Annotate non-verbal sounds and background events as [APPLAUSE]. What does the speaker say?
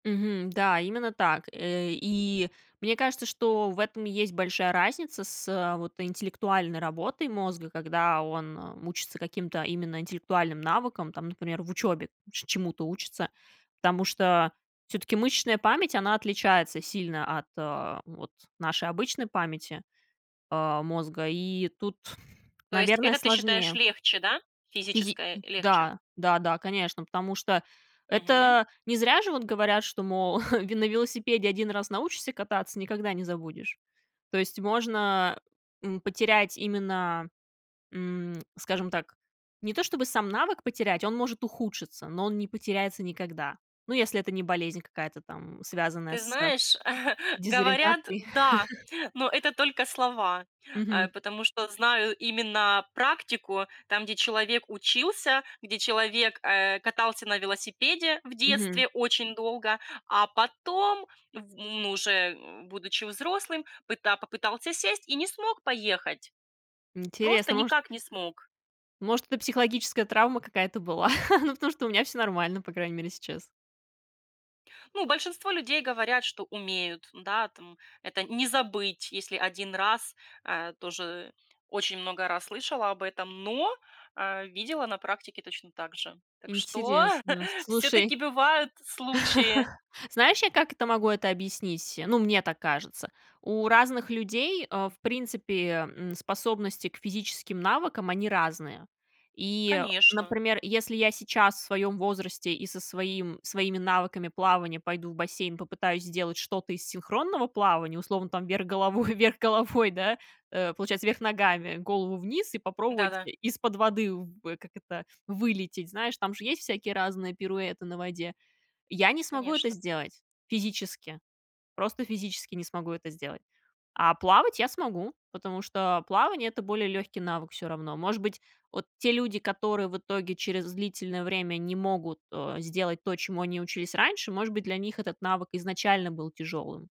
Мгм. Да, именно так. Э, и мне кажется, что в этом есть большая разница с, э, вот интеллектуальной работой мозга, когда он, эм, учится каким-то именно интеллектуальным навыкам, там, например, в учёбе че чему-то учится. Потому что всё-таки мышечная память, она отличается сильно от, а, вот нашей обычной памяти, а, мозга, и тут, То есть наверное, это ты сложнее. считаешь легче, да, [TSK] физи физическое м, легче? да, да-да, конечно, потому что Мгм. это не зря же вот говорят, что, мол, [CHUCKLES] ве на велосипеде 1 раз научишься кататься, никогда не забудешь. То есть можно, м, потерять именно, м, скажем так, не то чтобы сам навык потерять, он может ухудшиться, но он не потеряется никогда. Ну, если это не болезнь какая-то там, связанная Ты с знаешь, [CHUCKLES] говорят, дезориентацией. да, но [CHUCKLES] это только слова. Э, Мгм. потому что знаю именно практику, там, где человек учился, где человек, э, катался на велосипеде в Мгм. детстве очень долго, а потом в ну, уже, м, будучи взрослым, пыта попытался сесть и не смог поехать. Просто Интересно, может никак не смог. может, это психологическая травма какая-то была? [CHUCKLES] Ну, потому что у меня всё нормально, по крайней мере, сейчас. Ну, большинство людей говорят, что умеют, да, там это не забыть, если 1 раз, э, тоже очень много раз слышала об этом, но, э, видела на практике точно так же. Так что Интересно, [CHUCKLES] слушай. всё-таки бывают случаи. [LAUGHS] Знаешь, я как это могу это объяснить? Ну, мне так кажется. У разных людей, э, в принципе, м, способности к физическим навыкам, они разные. И, Конечно. например, если я сейчас в своём возрасте и со своим своими навыками плавания пойду в бассейн, попытаюсь сделать что-то из синхронного плавания, условно там, вверх головой вверх головой, да, э, получается вверх ногами, голову вниз- и попробовать Да-да. и из-под воды в как это, вылететь. Знаешь, там же есть всякие разные пируэты на воде. Я не смогу это Конечно. сделать. Физически. Просто физически не смогу это сделать. А плавать я смогу, потому что плавание- это более лёгкий навык всё равно. Может быть, вот те люди, которые в итоге через длительное время не могут, э, сделать то, чему они учились раньше, может быть, для них этот навык изначально был тяжёлым.